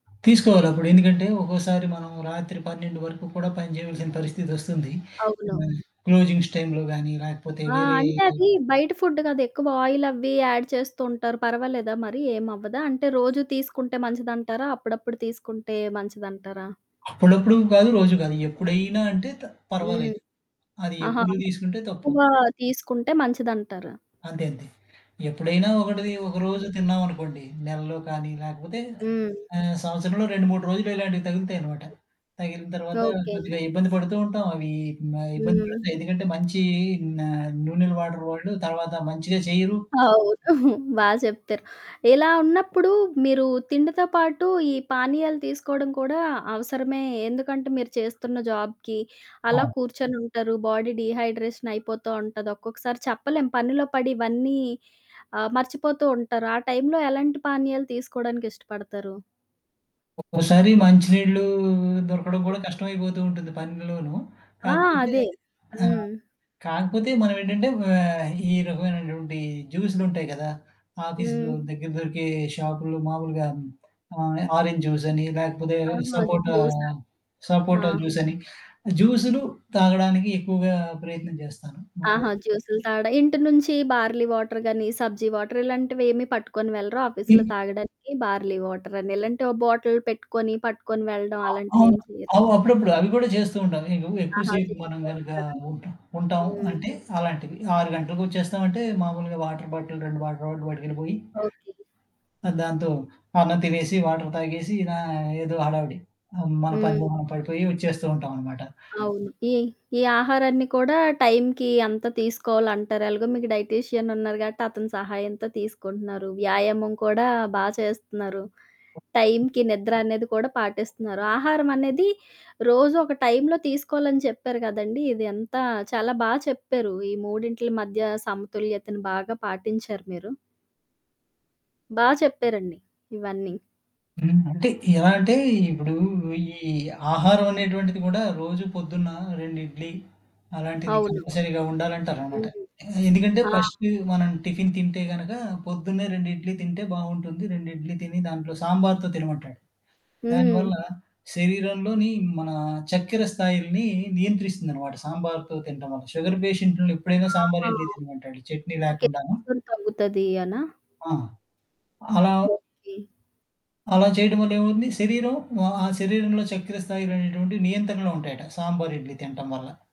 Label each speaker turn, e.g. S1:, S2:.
S1: తీసుకోవాలి అప్పుడు. ఎందుకంటే ఒక్కోసారి మనం రాత్రి 12 వరకు కూడా పని చేయాల్సిన పరిస్థితి ఒస్తుంది.
S2: అవును.
S1: హ్మ్, క్లోజింగ్స్ టైంలో గానీ, లేకపోతే
S2: ఆ!
S1: వేరే
S2: అంటే అది బయట ఫుడ్ గదా? ఎక్కువ ఆయిల్ అవి యాడ్ చేస్తూ ఉంటారు. పర్వాలేదా మరి? ఏమవ్వదా? అంటే రోజు తీసుకుంటే మంచిదంటారా? అప్పుడప్పుడు తీసుకుంటే మంచిదంటారా?
S1: అప్పుడప్పుడు గాదు. రోజు గాదు. ఎప్పుడైనా అంటే, త
S2: హ్మ్.
S1: పర్వాలేదు. అది
S2: ఆహా!
S1: ఎప్పుడు
S2: అంటే
S1: తీసుకుంటే తప్పు.
S2: తక్కువ తీసుకుంటే మంచిదంటారు.
S1: అంతే, అంతే. ఎప్పుడైనా ఒకటిది, ఒక
S2: హ్మ్.
S1: రోజు తిన్నామనుకోండి. నెలలో కానీ, లేకపోతే
S2: హ్మ్.
S1: ఆహ్, సంవత్సరంలో 2, 3 రోజులు ఇలాంటివి తగులుతాయన్నమాట. తగిలిన
S2: హ్మ్.
S1: తర్వాత
S2: ఓకే.
S1: కొద్దిగా ఇబ్బంది పడుతూ ఉంటాం. అవి మ ఇబ్బంది
S2: హ్మ్.
S1: పెడతాయి. ఎందుకంటే మంచి ఆహ్, నూనెలు వాడరు వాళ్ళు, తర్వాత మంచిగా చేయరు.
S2: అవును. బా చెప్తారు. ఇలా ఉన్నప్పుడు మీరు తిండితో పాటు, ఈ పానీయాలు తీసుకోవడం కూడా అవసరమే. ఎందుకంటే మీరు చేస్తున్న జాబ్‌కి అలా
S1: అవును.
S2: కూర్చొనుంటారు. బాడీ డీహైడ్రేషన్ అయిపోతూ ఉంటది. ఒక్కొక్కసారి చెప్పలేం. పనిలో పడి ఇవన్నీ ఆహ్, మర్చిపోతూ ఉంటారు. ఆ టైంలో ఎలాంటి పానీయాలు తీసుకోవడానికి ఇష్టపడతారు?
S1: ఒక్కోసారి మంచినీళ్లు దొరకడం కూడా కష్టమైపోతూ ఉంటుంది పనిలోనూ.
S2: ఆ!
S1: కాకపోతే
S2: అదే.
S1: ఆహ్,
S2: హ్మ్.
S1: కాకపోతే మనం ఏంటంటే ఆహ్, ఈ రకమైనటువంటి జ్యూస్లుంటాయి గదా! ఆఫీసులో
S2: హ్మ్.
S1: దగ్గర దొరికే షాపులో మామూలుగా ఆహ్, ఆరెంజ్ జ్యూస్ అని, లేకపోతే
S2: ఆహా!
S1: సపోటా,
S2: జ్యూసా? ఆ!
S1: సపోటా జ్యూసని. జ్యూస్లు తాగడానికి ఎక్కువగా ప్రయత్నం చేస్తాను. మా హ్మ్.
S2: ఆహా! జ్యూస్లు తాగడం. ఇంటి నుంచి బార్లీ వాటర్ గానీ, సబ్జి వాటర్ ఇలాంటివి ఏమి పట్టుకొని వెళ్లరా ఆఫీస్‌లో
S1: హ్మ్.
S2: తాగడానికి బార్లీ వాటర్ అని. ఇలాంటి ఒ బాటిల్ పెట్టుకొని, పట్టుకొని వెళ్లడం,
S1: ఆ! అవును.
S2: అలాంటివేమి చేయరు?
S1: అవ్ అప్పుడప్పుడు అవి కూడా చేస్తూ ఉంటాం. ఎక్కువ
S2: ఆహా!
S1: సేపు మనం
S2: చేస్తూ
S1: గనక
S2: ఉంటారా.
S1: ఉంటాం.
S2: హ్మ్.
S1: అంటే అలాంటివి. 6 గంటకి ఒచ్చేస్తాం అంటే, మామూలుగా వాటర్ బాటిల్ 2 వాటర్ బాటిల్ పట్టుకెళ్లిపోయి...
S2: ఓకే.
S1: ఆహ్, దాంతో అన్నం తినేసి వాటర్ తాగేసి, నా ఇలా ఏదో హడావిడి. ఆహ్, మన పనిలో
S2: హ్మ్.
S1: మనం పడిపోయి, ఒచ్చేస్తూ ఉంటామన్నమాట.
S2: అవును. ఈ ఈ ఆహారాన్ని కూడా టైంకి అంతా తీసుకోవాలంటారు. ఎలాగో మీకు డైటీషియన్ ఉన్నారు గాబట్టి, అతని సహాయంతో తీసుకుంటున్నారు. వ్యాయామం కూడా బా చేస్తున్నారు. టైంకి నిద్ర అనేది కూడా పాటిస్తున్నారు. ఆహారం అనేది రోజు ఒక టైంలో తీసుకోవాలని చెప్పారు కదండీ! ఇది అంతా చాలా బాగా చెప్పారు. ఈ మూడింటిల మధ్య సమతుల్యతను బాగా పాటించారు మీరు. బా చెప్పారండి. ఇవన్నీ.
S1: హ్మ్. అంటే ఎలా అంటే, ఇప్పుడు ఈ ఆహారం అనేటువంటిది కూడా రోజు పొద్దున్న 2 ఇడ్లీ, అలాంటిది
S2: అవును.
S1: కంపల్సరీగా ఉండాలంటారన్నమాట.
S2: హ్మ్.
S1: ఎందుకంటే,
S2: ఆ!
S1: ఫస్టు మనం టిఫిన్ తింటే గనుక, పొద్దున్నే 2 ఇడ్లీ తింటే బావుంటుంది. 2 ఇడ్లీ తిని, దాంట్లో సాంబార్‌తో తినమంటాడు.
S2: హ్మ్.
S1: దానివల్ల శరీరంలోని మన చక్కెర స్థాయిల్ని నియంత్రిస్తుందన్నమాట. సాంబార్‌తో తింటం వల్ల. షుగర్ పేషెంట్లు ఎప్పుడైనా సాంబారు
S2: ఆహా!
S1: ఇడ్లీ తినమంటాడు. చట్నీ
S2: ఓకే.
S1: లేకుండాను.
S2: [unintelligible] తగ్గుతది అనా?
S1: ఆ! అలా
S2: ఓకే.
S1: అలా చేయడం వల్ల ఏమవుతుంది? శరీరం వా ఆ శరీరంలో చెక్కర స్థాయిలనేటువంటివి నియంత్రణలో ఉంటాయట. సాంబారుర్ ఇడ్లీ తింటం వల్ల.